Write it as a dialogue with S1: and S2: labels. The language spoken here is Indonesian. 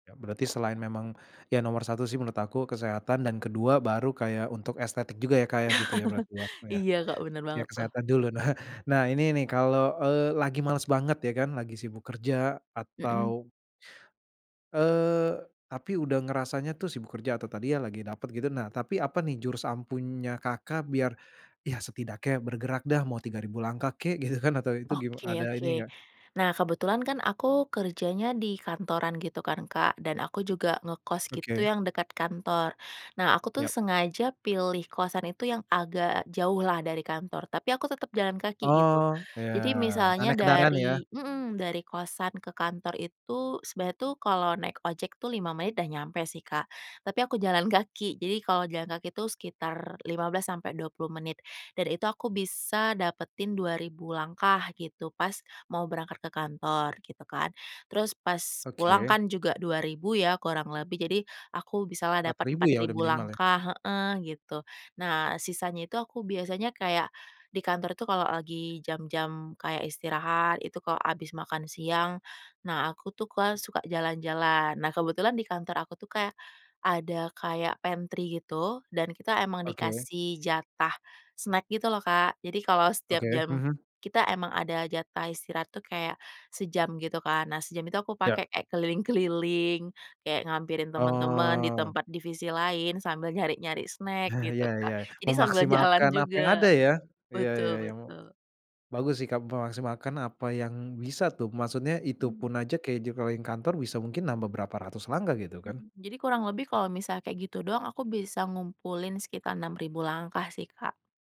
S1: Ya berarti selain memang ya nomor 1 sih menurut aku kesehatan dan ke-2 baru kayak untuk estetik juga ya, Kak, ya gitu ya berarti ya,
S2: Iya Kak, bener
S1: ya
S2: banget tuh.
S1: kesehatan dulu nah nah ini nih kalau, eee, lagi males banget ya kan, lagi sibuk kerja
S2: Mhm.
S1: atau eee, tapi udah ngerasanya tuh sibuk kerja atau tadi ya, lagi dapet gitu nah tapi apa nih jurus ampuhnya Kakak, biar ya setidaknya bergerak dah mau 3000 langkah kek gitu kan atau itu gima ada
S2: Oke
S1: ini
S2: oke
S1: enggak?
S2: nah kebetulan kan aku kerjanya di kantoran gitu kan, Kak, dan aku juga ngekos gitu
S1: Oke.
S2: yang dekat kantor, nah aku tuh
S1: Yap.
S2: sengaja pilih kosan itu yang agak jauh lah dari kantor tapi aku tetep jalan kaki gitu,
S1: Oh, ya
S2: jadi
S1: enggak
S2: misalnya
S1: naik kendaraan ya.
S2: dari mhm dari kosan ke kantor itu sebenarnya tuh kalau naik ojek tuh 5 menit udah nyampe sih, Kak, tapi aku jalan kaki. Jadi, kalau jalan kaki itu sekitar 15 sampai 20 menit dan itu aku bisa dapetin 2000 langkah gitu pas mau berangkat ke kantor gitu kan, terus pas pulang
S1: Oke.
S2: kan juga 2000 ya kurang lebih jadi aku bisalah
S1: empat
S2: dapat
S1: ribu
S2: empat
S1: ya udah
S2: ribu
S1: minimal ya.
S2: langkah heeh gitu, nah sisanya itu aku biasanya kayak di kantor tuh, kalau lagi jam-jam kayak istirahat itu kalau habis makan siang nah aku tuh, Kak, suka jalan-jalan. Nah kebetulan di kantor aku tuh kayak ada kayak pantry gitu dan kita emang
S1: Oke.
S2: dikasih jatah snack gitu loh Kak, jadi kalau setiap
S1: Oke,
S2: jam
S1: mhm.
S2: kita emang ada jatah istirahat tuh kayak sejam gitu kan, nah sejam itu aku
S1: Ya.
S2: pakai kayak keliling-keliling, kayak ngehampirin temen-temen di
S1: Oh.
S2: tempat divisi lain sambil nyari-nyari snack gitu,
S1: Ya ya.
S2: Kak, jadi sambil jalan
S1: Memaksimalkan apa yang
S2: juga.
S1: ada ya, iya iya
S2: Betul
S1: iya mu
S2: betul.
S1: bagus sih, Kak, memaksimalkan apa yang bisa tuh maksudnya
S2: Mmm.
S1: itupun aja kayak di jengkeling kantor bisa mungkin nambah berapa ratus langkah gitu kan.
S2: Mhm, jadi kurang lebih kalau misal kayak gitu doang aku bisa ngumpulin sekitar 6000 langkah sih, Kak.